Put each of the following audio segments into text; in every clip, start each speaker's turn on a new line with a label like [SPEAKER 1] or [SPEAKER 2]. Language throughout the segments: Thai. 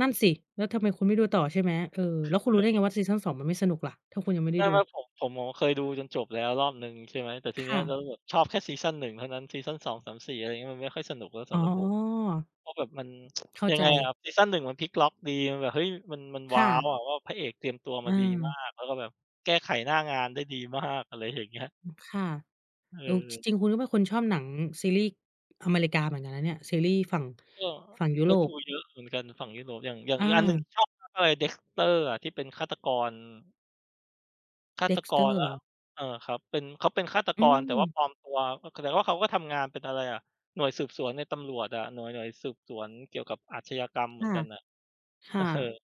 [SPEAKER 1] นั่นสิ แล้วทำไมคุณไม่ดูต่อใช่ไหม? เออ แล้วคุ
[SPEAKER 2] ใ
[SPEAKER 1] ณรู้ได้
[SPEAKER 2] ช
[SPEAKER 1] ไง
[SPEAKER 2] ่
[SPEAKER 1] ว่า ซีซัน 2 มันไม่สนุกล่ะ ถ้าคุณยังไม่
[SPEAKER 2] เ
[SPEAKER 1] ไ
[SPEAKER 2] ช
[SPEAKER 1] ด้
[SPEAKER 2] ื่อ
[SPEAKER 1] ด
[SPEAKER 2] ไหม?
[SPEAKER 1] ู?
[SPEAKER 2] ผม ผม ผม เคยดูจนจบแล้วรอบหนึ่ง ใช่ไหม แต่ที
[SPEAKER 1] ค
[SPEAKER 2] เนี้
[SPEAKER 1] ่
[SPEAKER 2] ย แล้
[SPEAKER 1] ะ
[SPEAKER 2] วแบบชอบแค่ซีซัน 1 เท่านั้น ซีซัน 2-3-4 อะไรอย่างงี้ มันไม่ค่อยสนุกแล้วส
[SPEAKER 1] อ๋
[SPEAKER 2] ำหรับผม
[SPEAKER 1] อ
[SPEAKER 2] เพราะแบบมัน
[SPEAKER 1] เข้า
[SPEAKER 2] ยัง
[SPEAKER 1] ใจ
[SPEAKER 2] ไงอะครับ ซีซัน 1 มันพลิกล็อกดี มันแบบ เฮ้ย! มัน มัน
[SPEAKER 1] ค
[SPEAKER 2] ว้
[SPEAKER 1] ่
[SPEAKER 2] าว!
[SPEAKER 1] ะ
[SPEAKER 2] อะว่า พระเอกเตรียมตัว
[SPEAKER 1] อ
[SPEAKER 2] ม
[SPEAKER 1] ื
[SPEAKER 2] าดีมา
[SPEAKER 1] ม
[SPEAKER 2] ก แล้วก็แบบแก้ไขหน้างานได้ดี มาก อะไรอย่างเงี้ย
[SPEAKER 1] อือ ค่ะ เอ่อ จ
[SPEAKER 2] เออ
[SPEAKER 1] ริง ๆ คุณก็เป็นคนชอบหนัง ซีรีส์อเมริกาเหมือนกันนะเนี่ย ซีรีย์ฝั่ง
[SPEAKER 2] ก็
[SPEAKER 1] ฝั่งยุ
[SPEAKER 2] ก
[SPEAKER 1] โ
[SPEAKER 2] ็
[SPEAKER 1] ร
[SPEAKER 2] ดู
[SPEAKER 1] ป
[SPEAKER 2] เยอะเหมือนกันฝั่งยุโรป อย่าง อย่าง
[SPEAKER 1] อ
[SPEAKER 2] อีกอันหนึ่ง
[SPEAKER 1] า
[SPEAKER 2] ชอบมากเลย Dexter อะ ที่เป็นฆาตกร ฆาตก
[SPEAKER 1] Dexter
[SPEAKER 2] รแล้
[SPEAKER 1] เหรอ?
[SPEAKER 2] ว เอ่อ ครับ เป็น เขาเป็นฆาต
[SPEAKER 1] อื
[SPEAKER 2] กรแต่ว่า
[SPEAKER 1] ม
[SPEAKER 2] ปลอมตัว ก ก แต่ว่าเขาก็ทำงานเป็นอะไรอะ หน่วยสืบสวนในตำรวจอะ หน่วย หน่วยสืบสวนเกี่ยวกับอาชญากรรมเหม
[SPEAKER 1] ค
[SPEAKER 2] ือ
[SPEAKER 1] ่ะ
[SPEAKER 2] นกันน่ะ
[SPEAKER 1] ค่ะ
[SPEAKER 2] เออ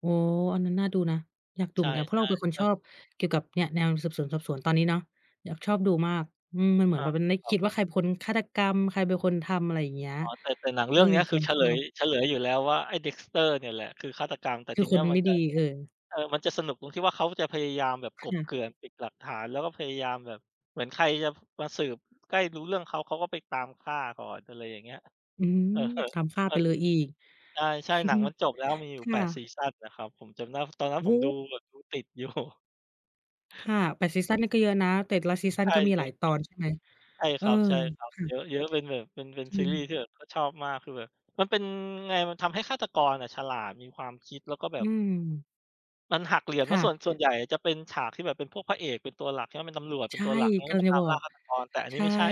[SPEAKER 1] โอ้! อันนั้นน่าดูนะ อยากดู
[SPEAKER 2] ใช
[SPEAKER 1] เหม
[SPEAKER 2] ่
[SPEAKER 1] ือนกัน เพราะเราเป็นคน
[SPEAKER 2] ๆ เอ
[SPEAKER 1] ช
[SPEAKER 2] อ
[SPEAKER 1] อบเกี่ยวกับ เนี่ย แนวสืบสวนสอบสวนตอนนี้เนาะ อยาก ชอบดูมาก อืม มันเห
[SPEAKER 2] อ
[SPEAKER 1] มือนแ
[SPEAKER 2] า
[SPEAKER 1] บบมันได้
[SPEAKER 2] คร
[SPEAKER 1] ค
[SPEAKER 2] ั
[SPEAKER 1] ิ
[SPEAKER 2] บ
[SPEAKER 1] ดว่า ใครเป็นคนฆาตกรรม? ใครเป็นคนทำ? อะไรอย่างเงี้ย
[SPEAKER 2] อ๋อ แต่ แต่หนังเ
[SPEAKER 1] เ
[SPEAKER 2] ร
[SPEAKER 1] อ
[SPEAKER 2] ื่
[SPEAKER 1] อ
[SPEAKER 2] องเนี้ย
[SPEAKER 1] เ
[SPEAKER 2] ค
[SPEAKER 1] ร
[SPEAKER 2] ื
[SPEAKER 1] า
[SPEAKER 2] อเฉ
[SPEAKER 1] ช
[SPEAKER 2] ล
[SPEAKER 1] อ
[SPEAKER 2] ย
[SPEAKER 1] บ
[SPEAKER 2] เฉลยอยู่แล้วว่า ไอ้ Dexter เนี่ยแหละ คือฆาตกร แต่
[SPEAKER 1] ค
[SPEAKER 2] ท
[SPEAKER 1] ื
[SPEAKER 2] ี
[SPEAKER 1] อ
[SPEAKER 2] เ
[SPEAKER 1] ค
[SPEAKER 2] นี้
[SPEAKER 1] น
[SPEAKER 2] ย
[SPEAKER 1] มัน
[SPEAKER 2] มั
[SPEAKER 1] ไ
[SPEAKER 2] น
[SPEAKER 1] ม่
[SPEAKER 2] จะ
[SPEAKER 1] ดี เออ
[SPEAKER 2] เออ มันจะสนุกตรงที่ว่า เขาจะพยายามแบบ
[SPEAKER 1] ค
[SPEAKER 2] กลบ
[SPEAKER 1] ่ะ
[SPEAKER 2] เกลื่อนปิดหลักฐาน แล้วก็พยายามแบบ เหมือนใครจะมาสืบใกล้รู้เรื่องเขา เขาก็ไปตามฆ่าก่อน อะไรอย่างเงี้ย
[SPEAKER 1] อืม
[SPEAKER 2] เออ
[SPEAKER 1] ตามฆ่า
[SPEAKER 2] ม
[SPEAKER 1] ไ
[SPEAKER 2] ั
[SPEAKER 1] ป
[SPEAKER 2] น
[SPEAKER 1] เลยอีก
[SPEAKER 2] ใช่ ๆ หนังมันจบแล้ว มีอย
[SPEAKER 1] ค
[SPEAKER 2] ู่
[SPEAKER 1] ่
[SPEAKER 2] 8
[SPEAKER 1] ะ
[SPEAKER 2] ซีซันนะครับ ผมจำได้ ตอนนั้
[SPEAKER 1] โ
[SPEAKER 2] น
[SPEAKER 1] อ้
[SPEAKER 2] ผม
[SPEAKER 1] โ
[SPEAKER 2] ดู
[SPEAKER 1] ฮ!
[SPEAKER 2] แบบ ดูติด อยู่
[SPEAKER 1] ค่ะ แต่ซีซันนี่ก็เยอะนะ แต่ละซีซั
[SPEAKER 2] ใช
[SPEAKER 1] น
[SPEAKER 2] ่
[SPEAKER 1] ก็มี
[SPEAKER 2] เย
[SPEAKER 1] ห
[SPEAKER 2] อ
[SPEAKER 1] ลา
[SPEAKER 2] ะ
[SPEAKER 1] ยตอนใช่ไหม?
[SPEAKER 2] ๆ ใช่
[SPEAKER 1] เ
[SPEAKER 2] ค
[SPEAKER 1] ออ
[SPEAKER 2] รับ
[SPEAKER 1] ค่
[SPEAKER 2] ๆ เย
[SPEAKER 1] ะ
[SPEAKER 2] อะ ๆ เป็นแบบ เป็น เป็น
[SPEAKER 1] จร
[SPEAKER 2] ซี
[SPEAKER 1] ิ
[SPEAKER 2] รีย์
[SPEAKER 1] ง
[SPEAKER 2] ที่แบบก็ชอบมาก คือแบบมันเป็น ไง มันทำให้ฆาตกรอะฉลาด มีความคิด แล้วก็แบ
[SPEAKER 1] อื
[SPEAKER 2] บ
[SPEAKER 1] ม
[SPEAKER 2] มันหักเหลี่ยม
[SPEAKER 1] ค
[SPEAKER 2] นะ
[SPEAKER 1] ่
[SPEAKER 2] ส่วน ส่
[SPEAKER 1] ะ
[SPEAKER 2] วนใหญ่จะเป็นฉากที่แบบเป็นพวกพระเอกเป็นตัวหลัก แล้วก็เป็นตำรวจเ
[SPEAKER 1] ใ
[SPEAKER 2] ป็
[SPEAKER 1] ช
[SPEAKER 2] น
[SPEAKER 1] ่
[SPEAKER 2] ตัวหลักนะ
[SPEAKER 1] ก
[SPEAKER 2] แล้
[SPEAKER 1] ำ
[SPEAKER 2] วไ
[SPEAKER 1] ล
[SPEAKER 2] ป
[SPEAKER 1] ังจ
[SPEAKER 2] ต
[SPEAKER 1] ะ
[SPEAKER 2] าม
[SPEAKER 1] บอ
[SPEAKER 2] ล่า
[SPEAKER 1] ก
[SPEAKER 2] ฆาตกร แต่อัน
[SPEAKER 1] ใ
[SPEAKER 2] น
[SPEAKER 1] ช
[SPEAKER 2] ี้ไ
[SPEAKER 1] ่
[SPEAKER 2] ม่ใช่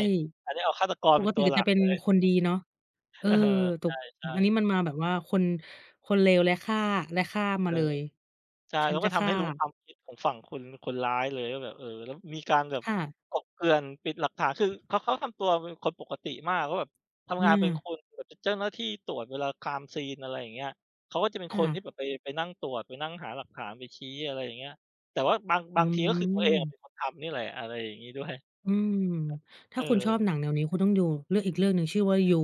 [SPEAKER 2] อันนี้เอาฆาตกร
[SPEAKER 1] ป
[SPEAKER 2] เป็
[SPEAKER 1] ก
[SPEAKER 2] น
[SPEAKER 1] ต
[SPEAKER 2] ต
[SPEAKER 1] ิ
[SPEAKER 2] ัว
[SPEAKER 1] เนี่
[SPEAKER 2] ห
[SPEAKER 1] ย
[SPEAKER 2] ล
[SPEAKER 1] จ
[SPEAKER 2] ั
[SPEAKER 1] ะ
[SPEAKER 2] ก
[SPEAKER 1] เป็
[SPEAKER 2] เ
[SPEAKER 1] น
[SPEAKER 2] ลย
[SPEAKER 1] คนดีเนาะ เอ่
[SPEAKER 2] เ
[SPEAKER 1] อ
[SPEAKER 2] ออ
[SPEAKER 1] ตก
[SPEAKER 2] ใช่
[SPEAKER 1] อันนี
[SPEAKER 2] ๆ
[SPEAKER 1] ้มันมาแบบว่าคน คนเลวและฆ่า และฆ่าม
[SPEAKER 2] เอ
[SPEAKER 1] า
[SPEAKER 2] อ
[SPEAKER 1] เลย
[SPEAKER 2] ใช่
[SPEAKER 1] ฉั
[SPEAKER 2] แล
[SPEAKER 1] น
[SPEAKER 2] ้ว
[SPEAKER 1] จ
[SPEAKER 2] ก
[SPEAKER 1] ะ
[SPEAKER 2] ็ท
[SPEAKER 1] ฆ
[SPEAKER 2] ำ
[SPEAKER 1] ่
[SPEAKER 2] ให้รู้ค
[SPEAKER 1] า
[SPEAKER 2] วามคิดของฝั่งคน คนร้ายเลยว่าแบบ เอ่อ แล้วมีการแบบ
[SPEAKER 1] ค่ะ
[SPEAKER 2] กลบเกลื่อน ปิดหลักฐาน คือเขา เขาทำตัวเป็นคนปกติมากว่าแบบ ทำงานเป็น
[SPEAKER 1] อา
[SPEAKER 2] คนแบบ เป็นเจ้าหน้าที่ตรวจเวลา Crime scene อะไรอย่างเงี้ย เขาก็จะเป็น
[SPEAKER 1] ค
[SPEAKER 2] ค
[SPEAKER 1] ่
[SPEAKER 2] นที่
[SPEAKER 1] ะ
[SPEAKER 2] แบบไป ไปนั่งตรวจ ไปนั่งหาหลักฐาน ไปชี้ อะไรอย่างงี้ แต่ว่าบาง
[SPEAKER 1] อ
[SPEAKER 2] บ
[SPEAKER 1] ื
[SPEAKER 2] างที ก็คือตัวเองอะ
[SPEAKER 1] ม
[SPEAKER 2] เป็นคนทำนี่แหละ อะไรอย่างงี้ ด้วย อ
[SPEAKER 1] อืม ถ
[SPEAKER 2] เ
[SPEAKER 1] ้
[SPEAKER 2] อ
[SPEAKER 1] าคุณชอบ
[SPEAKER 2] อ
[SPEAKER 1] หนังแนวนี้ คุณต้องดูเรื่อง อีกเรื่องหนึ่งชื่อว่า YOU